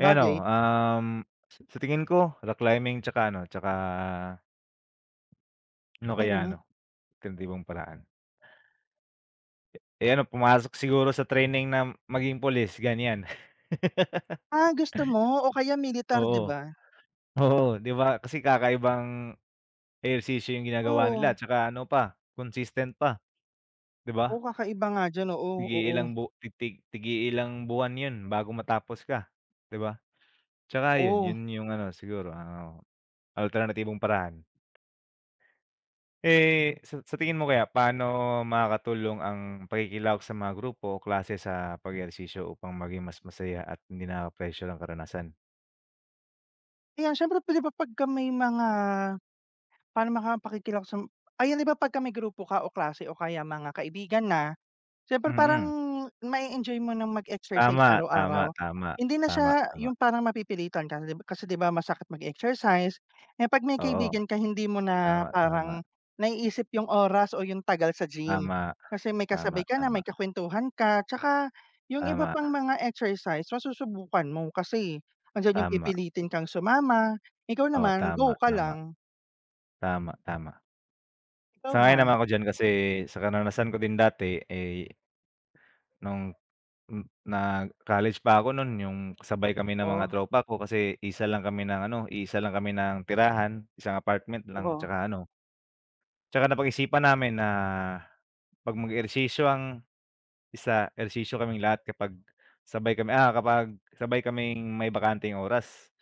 Eh, ano, um, sa sa tingin ko rock climbing tsaka ano, tsaka. Ano kaya Mm. 'no, alternatibong paraan? Eh, ano pumasok siguro sa training na maging pulis ganyan. Ah, gusto mo o kaya militar di Oo, ba? oo, di ba kasi kakaibang ehersisyo yung ginagawa nila Oo. tsaka ano pa consistent pa, di Oo ba? kakaiba nga diyan, oo, oo. Tig-iilang bu tig tig-iilang buwan yun bago matapos ka di ba? Tsaka yun, Oo. yun yung ano siguro ano, ah, alternatibong paraan. Eh, sa sa tingin mo kaya paano makakatulong ang pakikilahok sa mga grupo o klase sa pag ehersisyo upang maging mas masaya at hindi nakakapressure ang karanasan? Kaya syempre di ba pagka may mga parang mga pakikilahok sa m ayan di ba pagka may grupo ka o klase o kaya mga kaibigan na, syempre parang Mm. ma e enjoy mo ng mag exercise Tama, tama, araw-araw. tama, Hindi na tama, siya tama. yung parang mapipilitan ka, kasi di ba masakit mag exercise, eh, pag may Oo, kaibigan ka hindi mo na tama, tama. parang naiisip yung oras o yung tagal sa gym, Tama, kasi may tama, kasabay ka na may tama. kakwentuhan ka, tsaka yung iba Tama. pang mga exercise masusubukan mo kasi andiyan yung Tama. pipilitin kang sumama ikaw Oo, naman go tama, ka tama. lang. Tama, tama. Ikaw Sang ayon naman ba? ako diyan kasi sa karanasan ko din dati eh. Nung m na college pa ako nun yung sabay kami ng mga Oh. tropa ko kasi iisa lang kami ng ano iisa lang kami ng tirahan isang apartment lang Oo. tsaka ano. Tsaka napag-isipan namin na pag mag ehersisyo ang isa ehersisyo kaming lahat kapag sabay kami, ah, kapag sabay kaming may bakanteng oras,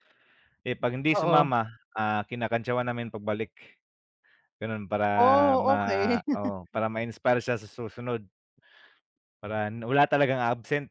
eh, pag hindi Oo. sumama, ah, kinakantyawan namin pagbalik, ganun para Oh ma okey. oo para ma inspire siya sa susunod. Para wala talagang absent.